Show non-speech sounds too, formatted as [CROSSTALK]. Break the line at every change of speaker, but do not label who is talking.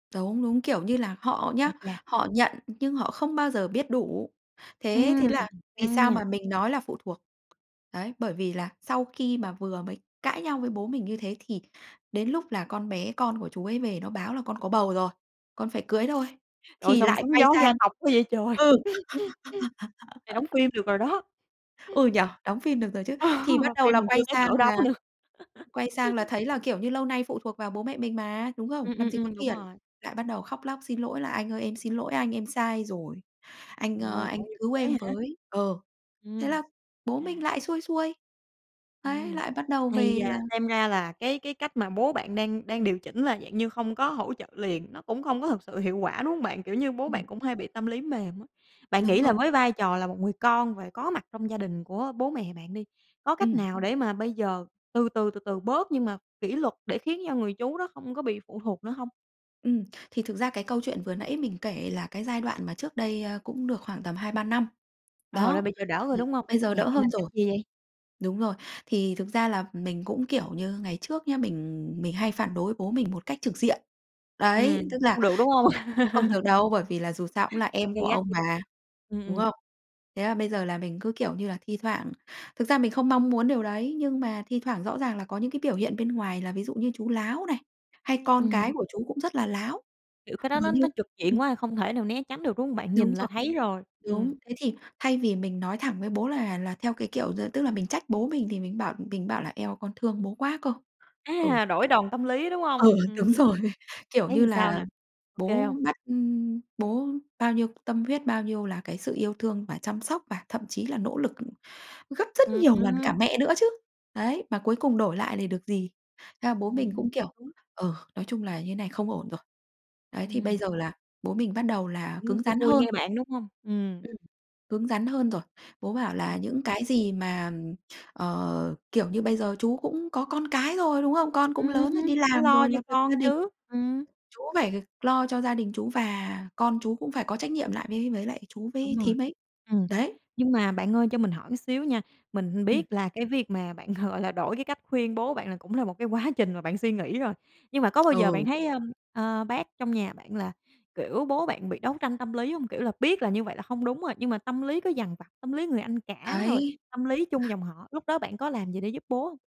Đúng, đúng, kiểu như là, họ nhá,
Ôi cha!
họ nhận nhưng họ không bao giờ biết đủ. Thế
Ừm,
thế là vì
căng
sao
nha!
mà mình nói là phụ thuộc, đấy, bởi vì là sau khi mà vừa mới cãi nhau với bố mình như thế, thì đến lúc là con bé con của chú ấy về nó báo là "Con có bầu rồi. Con phải cưới thôi!",
Trời ơi,
thì
sao mà
lại
sóng
quay
gió gia
sang
tộc quá vậy trời! [LAUGHS]
ừ.
Này đóng
[LAUGHS]
phim được rồi đó.
Ừ, nhỉ? Đóng phim được rồi chứ. Thì bắt
[LAUGHS]
đầu
Phim
là
còn chưa
quay
tới
sang
cỡ đó
là
nữa.
quay sang là
[LAUGHS]
thấy là, kiểu như, lâu nay phụ thuộc vào bố mẹ mình mà, đúng không?
Ừm,
Làm
ừm,
gì có
ừm, đúng
tiền,
rồi.
lại bắt đầu khóc lóc xin lỗi là "Anh ơi, em xin lỗi anh, em sai rồi. Anh,
Trời
ơ,
ơi,
anh
tội nghiệp
cứu
chú ấy
em
hả?
với!" Ờ, thế
Ừm.
là bố mình
À.
lại xuôi xuôi. Đấy,
Ừm,
lại bắt đầu
ây
về là
da! Xem ra là cái cái cách mà bố bạn đang đang điều chỉnh là dạng như không có hỗ trợ liền, nó cũng không có thực sự hiệu quả, đúng hông bạn? Kiểu như, bố
Ừm.
bạn cũng hay bị tâm lý mềm á. Bạn
Đúng
nghĩ
rồi.
là với vai trò là một người con và có mặt trong gia đình của bố mẹ bạn đi, có cách
Ừm.
nào để mà bây giờ từ từ, từ từ bớt nhưng mà kỷ luật để khiến cho người chú đó không có bị phụ thuộc nữa hông?
Ừm. Thì thực ra cái câu chuyện vừa nãy mình kể là cái giai đoạn mà trước đây, ơ, cũng được khoảng tầm 2-3 năm.
Ờ, là
Đó,
bây giờ đỡ rồi,
thì
đúng hông?
bây giờ
Nhà
đỡ
bạn
hơn
làm cách
rồi.
gì vậy?
Đúng rồi, thì thực ra là mình cũng, kiểu như, ngày trước nhá mình mình hay phản đối bố mình một cách trực diện. Đấy, tức
Ừm,
là
không được, đúng hông?
chỉ không
[LAUGHS]
được đâu, bởi vì là dù sao cũng là em của
Gay gắt.
ông mà,
Ừm,
đúng
ừm.
không? Thế là bây giờ là mình cứ, kiểu như là, thi thoảng thực ra mình không mong muốn điều đấy, nhưng mà thi thoảng rõ ràng là có những cái biểu hiện bên ngoài là ví dụ như chú láo này, hay con cái
Ừm.
của chú cũng rất là láo.
Kiểu, cái đó
Vờ
nó
như
nó trực diện
ừm.
quá, không thể nào né tránh được, đúng hông bạn?
Đúng
Nhìn là
rồi.
thấy rồi, ừm.
Đúng, thế thì thay vì mình nói thẳng với bố là là theo cái kiểu d tức là mình trách bố mình thì mình bảo mình bảo là "Eo, con thương bố quá cơ!" Ừ.
À, đổi đòn tâm lý, đúng hông?
Ừ,
Ừm.
đúng rồi. Kiểu
Thấy
như
làm sao
là,
nè, kê
bố
hông?
bắt, ưm bố bao nhiêu tâm huyết, bao nhiêu là cái sự yêu thương và chăm sóc và thậm chí là nỗ lực gấp rất
Ừm,
nhiều lần cả
ừm.
mẹ nữa chứ, đấy, mà cuối cùng đổi lại để được gì? Thế là bố mình
Ừm
cũng kiểu:
[UNINTELLIGIBLE]
"Ừ, nói chung là như thế này không ổn rồi." Đấy, thì bây
Ừm.
giờ là bố mình bắt đầu là
Cũng
cứng
xuôi
rắn
xuôi
hơn.
nghe bạn, đúng hông? Ừm.
Ừm, cứng rắn hơn rồi. Bố bảo là
[UNINTELLIGIBLE]
"Những cái gì mà", ờ, kiểu như, "bây giờ chú cũng có con cái rồi, đúng không? Con cũng
Ừm,
lớn rồi, đi
phải
làm
lo
rồi
cho
lập lập gia
con
đình
chứ! Ừm.
chú phải lo cho gia đình chú và con chú cũng phải có trách nhiệm lại với với lại chú
Đúng
với
rồi,
thím ấy."
ừm.
Đấy.
Nhưng mà bạn ơi, cho mình hỏi một xíu nha, mình
Ừm.
biết là cái việc mà bạn, gọi là, đổi cái cách khuyên bố bạn là cũng là một cái quá trình mà bạn suy nghĩ rồi, nhưng mà có bao giờ bạn
Ừ.
thấy, ơ, ơ, bác trong nhà bạn là, kiểu, bố bạn bị đấu tranh tâm lý hông? Kiểu là, biết là như vậy là hông đúng rồi, nhưng mà tâm lý cứ dằn vặt, tâm lý người anh cả rồi
Đấy.
tâm lý chung
[UNINTELLIGIBLE]
dòng họ, lúc đó bạn có làm gì để giúp bố hông?